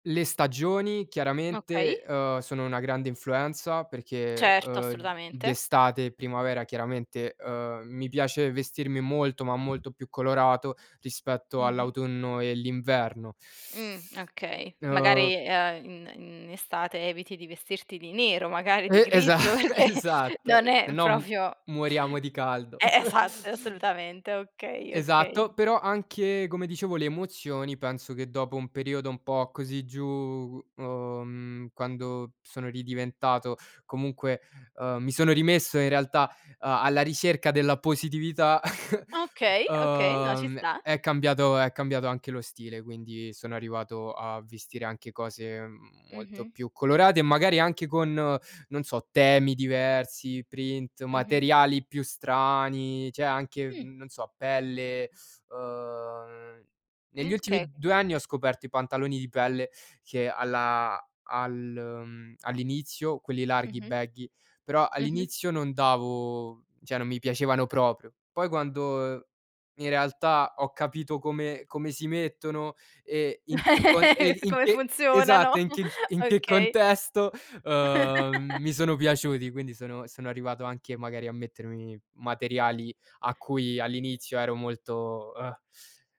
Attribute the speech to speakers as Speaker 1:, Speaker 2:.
Speaker 1: Le stagioni chiaramente,
Speaker 2: Okay.
Speaker 1: uhm, sono una grande influenza perché,
Speaker 2: Certo,
Speaker 1: uhm,
Speaker 2: assolutamente.
Speaker 1: d'estate e primavera chiaramente, uhm, mi piace vestirmi molto, ma molto più colorato, rispetto
Speaker 2: Mh-mh.
Speaker 1: all'autunno e l'inverno.
Speaker 2: Mh, okay,
Speaker 1: Uhm
Speaker 2: magari, uhm, in in estate eviti di vestirti di nero, magari di
Speaker 1: E
Speaker 2: grigio,
Speaker 1: esatto,
Speaker 2: perché
Speaker 1: esatto,
Speaker 2: non
Speaker 1: se
Speaker 2: è
Speaker 1: no m
Speaker 2: proprio
Speaker 1: moriamo di caldo.
Speaker 2: E esatto, assolutamente, okay, okay.
Speaker 1: Esatto, però anche, come dicevo, le emozioni penso che, dopo un periodo un po' così giù, uhm, quando sono ridiventato comunque uhm mi sono rimesso in realtà, uhm, alla ricerca della positività,
Speaker 2: Okay, okay, no, ci
Speaker 1: uhm,
Speaker 2: sta.
Speaker 1: è cambiato è cambiato anche lo stile, quindi sono arrivato a vestire anche cose, mhmm, molto
Speaker 2: Mh-mh.
Speaker 1: più colorate e magari anche con, non so, temi diversi, print,
Speaker 2: Mh-mh.
Speaker 1: materiali più strani, c'è anche
Speaker 2: Mh.
Speaker 1: n non so pelle. Ehm, negli
Speaker 2: Mh,
Speaker 1: ultimi
Speaker 2: okay.
Speaker 1: 2 anni ho scoperto i pantaloni di pelle che alla al mhmm, all'inizio quelli larghi,
Speaker 2: Mh-mh.
Speaker 1: baggy, però
Speaker 2: Mh-mh.
Speaker 1: all'inizio non davo cioè, non mi piacevano proprio. Poi quando in realtà ho capito come come si mettono e in che con e in
Speaker 2: Come
Speaker 1: che esatto
Speaker 2: funzionano,
Speaker 1: in che in che
Speaker 2: okay.
Speaker 1: contesto, uhm, mi sono piaciuti, quindi sono sono arrivato anche magari a mettermi materiali a cui all'inizio ero molto, uhm